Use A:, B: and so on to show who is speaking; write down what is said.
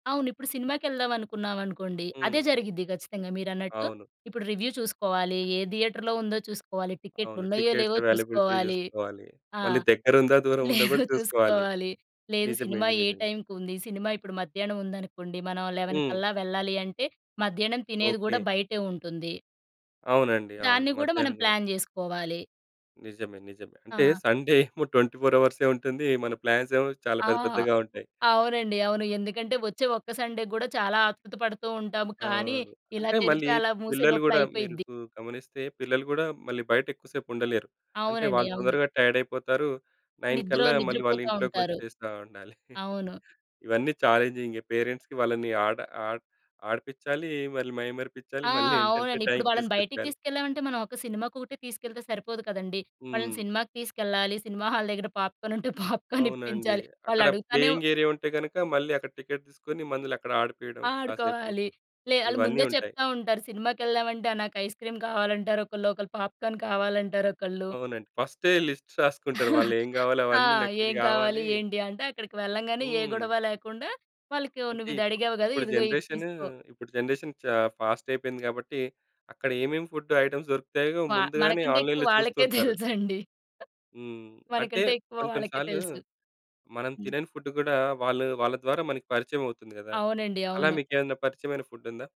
A: అవును. ఇప్పుడు సినిమాకెళ్దామనుకున్నామనుకోండి, అదే
B: హ్మ్.
A: జరిగిద్ది ఖచ్చితంగా మీరన్నట్టు.
B: అవును.
A: ఇప్పుడు రివ్యూ చూసుకోవాలి, ఏ థియేటర్‌లో ఉందో చూసుకోవాలి,
B: అవును.
A: టికెట్లున్నయ్యో,
B: టికెట్స్
A: లేవో
B: ఎవైలబిలిటీ
A: చూసుకోవాలి.
B: చూసుకోవాలి.
A: ఆ!
B: మళ్ళీ దగ్గరుందా, దూరముందో గూడా
A: లేదు
B: చూసుకోవాలి.
A: చూసుకోవాలి. లేదు, సినిమా
B: నిజమేండి.
A: ఏ
B: నిజం.
A: టైంకుంది, సినిమా ఇప్పుడు మధ్యానముందనుకోండి, మనం 11
B: హ్మ్.
A: కల్లా వెళ్ళాలి అంటే, మధ్యానం తినేది గూడా
B: ఓకే.
A: బయటే ఉంటుంది.
B: అవునండి. అవును.
A: దాన్ని గూడా మనం
B: మధ్యానం గూడా.
A: ప్లాన్ చేసుకోవాలి.
B: నిజమే. నిజమే. అంటే,
A: ఆ!
B: సండే ఏమో 24 అవర్సే ఉంటుంది. మన ప్లాన్సేమో చాలా
A: ఆ!
B: పెద్ద పెద్దగా ఉంటాయి.
A: అవునండి. అవును. ఎందుకంటే, ఒచ్చే ఒక్క సండే గూడా చాలా ఆత్రుత పడుతూ ఉంటాము, కానీ
B: అవును.
A: ఇలా
B: అంటే,
A: తెరిచి
B: మళ్ళీ
A: అలా మూసే
B: పిల్లలు
A: లోపల
B: గూడా మీరు
A: అయిపోయిద్ది.
B: కు గమనిస్తే పిల్లలు గూడా మళ్ళీ బయటెక్కువ సేపుండలేరు. అంటే,
A: అవునండి.
B: వాళ్ళు
A: అవును.
B: తొందరగా టైడయిపోతారు. 9
A: నిద్రో
B: కల్లా మళ్ళీ
A: నిద్రపోతా ఉంటారు.
B: వాళ్ళింట్లోకొచ్చేస్తా ఉండాలి.
A: అవును.
B: ఇవన్నీ ఛాలంజింగే పేరెంట్స్‌కి. వాళ్ళని ఆడ ఆట ఆడిపిచ్చాలీ, మళ్ళీ మైమరిపిపిచ్చాలి,
A: ఆ!
B: మళ్ళీ ఏంటంటే,
A: అవునండి. ఇప్పుడు
B: టైమ్‌కి
A: వాళ్ళని బయటకి
B: తీసుకొచ్చెయాలి.
A: తీసుకెళ్ళామంటే, మనం ఒక సినిమాకొకటే తీసుకెళ్తే సరిపోదు కదండీ! వాళ్ళని
B: హ్మ్.
A: సినిమాకి తీసుకెళ్ళాలి. సినిమా హాల్ దగ్గర పాప్‌కార్న్ ఉంటే పాప్‌కార్న్
B: అవునండి.
A: ఇప్పించాలి.
B: అక్కడ
A: వాళ్ళడుగుతానే
B: ప్లేయింగేరియా ఉంటే గనక, మళ్ళీ అక్కడ టికెట్ తీసుకొని, మందల అక్కడ ఆడిపీడం కాసేపు,
A: ఆడుకోవాలి. లే ఆళ్ళు
B: ఇవన్నీ
A: ముందే
B: ఉంటాయి.
A: చెప్తా ఉంటారు, సినిమాకేళ్దామంటే, ఆహ్, నాకయిస్‌క్రీమ్ కావాలంటారు ఒకళ్ళు, ఒకళ్ళు పాప్‌కార్న్ కావాలంటారొకళ్ళు.
B: అవునండి. ఫస్టే లిస్ట్స్ రాసుకుంటరు, వాళ్ళేం గావాలో
A: ఆ!
B: అవన్నీ నాకిది
A: ఏం కావాలి
B: గావాలి
A: ఏంటి అంటే, అక్కడకి వెళ్ళంగానే ఏ
B: హ్మ్.
A: గొడవ లేకుండా, వాళ్ళకి వ్
B: అంటే
A: నువ్విది
B: ఇప్పుడు,
A: అడిగావు గదా!
B: ఇప్పుడు
A: ఇదుగో ఇది
B: జనరేషనూ
A: తీసుకో.
B: ఇప్పుడు జనరేషను చా ఫాస్టయిపోయింది కాబట్టీ, అక్కడ ఏమేమి ఫుడ్డు ఐటెమ్స్ దొరుకుతయో
A: పా
B: ముందుగానే
A: మనకంటే ఎక్కువ
B: ఆన్‌లైన్‌లో
A: వాళ్ళకే
B: చూస్తుంటారు.
A: తెలుసండి.
B: హ్మ్. అంటే,
A: మనకంటే ఎక్కువ
B: కొన్ని, కొన్ని
A: వాళ్ళకే
B: సార్లు
A: తెలుసు.
B: మనం
A: హ్మ్.
B: తినని ఫుడ్దు గూడా వాళ్ళు వాళ్ళ ద్వారా మనకి పరిచయవవుతుంది గదా!
A: అవునండి.
B: అలా
A: అవును.
B: మీకేమన్నా పరిచయమైన ఫుడ్డుందా?